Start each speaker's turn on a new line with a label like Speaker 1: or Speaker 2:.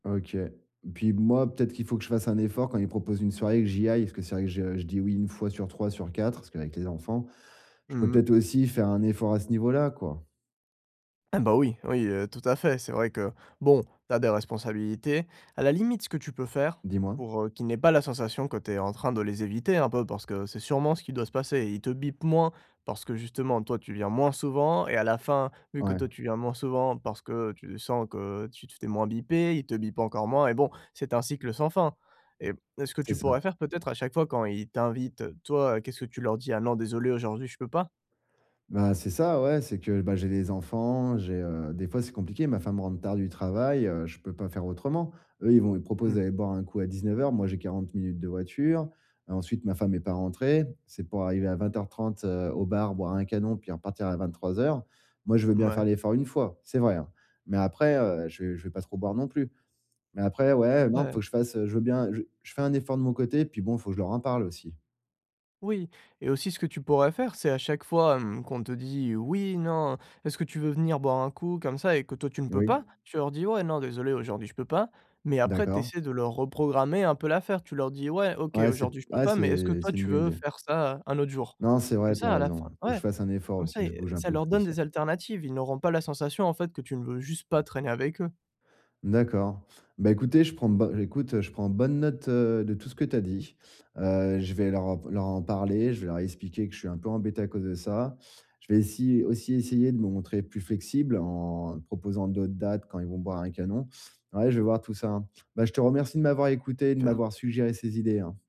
Speaker 1: OK. Puis b moi, peut-être qu'il faut que je fasse un effort, quand il propose une soirée et que j'y aille, parce que c'est vrai que je je dis oui 1 fois sur 3, sur 4, parce qu'avec les enfants. Je pourrais
Speaker 2: Mmh.
Speaker 1: peut-être aussi faire un effort à ce niveau-là, quoi.
Speaker 2: Eh bah, oui, oui, heu, tout à fait, c'est vrai que, bon, tu as des responsabilités. À la limite ce que tu peux faire,
Speaker 1: Dis-moi.
Speaker 2: pour, heu, qu'ils n'aient pas la sensation que tu es en train de les éviter, un peu, parce que, c'est sûrement ce qui doit se passer. Et ils te bipent moins, parce que justement, toi, tu viens moins souvent et à la fin, vu que toi
Speaker 1: Ouais.
Speaker 2: tu viens moins souvent, parce que tu sens que tu t tu es moins bipé, ils te bipent encore moins et bon, c'est un cycle sans fin. Et p et ce que
Speaker 1: C'est
Speaker 2: tu
Speaker 1: ça.
Speaker 2: pourrais faire, peut-être, à chaque fois quand ils t'invitent, heu, toi, heu, qu'est-ce que tu leur dis: «Ah non, désolé aujourd'hui, je peux pas»?
Speaker 1: Bah, c'est ça, ouais, c'est que, bah, j'ai les enfants, j'ai, heu des fois, c'est compliqué, ma femme rentre tard du travail, heu, je peux pas faire autrement. Eux, ils vont ils proposent
Speaker 2: Mmh.
Speaker 1: d'aller boire un coup à 19:00, moi, j'ai 40 minutes de voiture, heu, ensuite, ma femme est pas rentrée, si c'est pour arriver à 20:30, heu, au bar, boire un canon, puis repartir à 23:00. Moi, je veux bien
Speaker 2: Mouais.
Speaker 1: faire l'effort, une fois, c'est vrai, hein, mais après, heu, je vais je vais pas trop boire non plus. Mais après, ouais, non, faut
Speaker 2: Ouais.
Speaker 1: que je fasse, heu, je veux bien je je fais un effort de mon côté, puis bon, faut que je leur en parle aussi.
Speaker 2: Oui et aussi ce que tu pourrais faire, c'est à chaque fois, hem, qu'on te dit: «Oui, non, est-ce que tu veux venir boire un coup», comme ça et que toi tu ne peux
Speaker 1: Oui.
Speaker 2: pas, tu leur dis: «Ouais, non désolé, aujourd'hui je peux pas», mais après tu
Speaker 1: D'accord.
Speaker 2: essaies de leur reprogrammer un peu l'affaire. Tu leur dis: «Ouais, OK,
Speaker 1: Ouais, c'est
Speaker 2: aujourd'hui
Speaker 1: p
Speaker 2: je peux
Speaker 1: ah,
Speaker 2: pas, mais est-ce que
Speaker 1: c'est
Speaker 2: toi
Speaker 1: c'est une
Speaker 2: tu
Speaker 1: bonne
Speaker 2: veux
Speaker 1: idée.
Speaker 2: faire ça, un autre jour?»
Speaker 1: Non, c'est
Speaker 2: comme
Speaker 1: vrai, tu
Speaker 2: ça
Speaker 1: as
Speaker 2: à la fin
Speaker 1: raison. Il faut que
Speaker 2: ouais,
Speaker 1: je fasse un effort
Speaker 2: comme
Speaker 1: aussi,
Speaker 2: ça,
Speaker 1: que je
Speaker 2: ils
Speaker 1: bouge un
Speaker 2: ça
Speaker 1: peu
Speaker 2: leur donne
Speaker 1: plus, ouais.
Speaker 2: des alternatives, ils n'auront pas la sensation, en fait, que tu ne veux juste pas traîner avec eux.
Speaker 1: D'accord. Bah, écoutez, je prends ben, écoute, heu, je prends bonne note, heu, de tout ce que tu as dit, heu, je vais leur en v leur en parler, je vais leur expliquer que je suis un peu embêté, à cause de ça. Je vais essy aussi essayer de me montrer plus flexible, en proposant d'autres dates, quand ils vont boire un canon. Ouais, je vais voir tout ça. Bah, je te remercie de m'avoir écouté, et de
Speaker 2: Super.
Speaker 1: m'avoir suggéré ces idées, hein.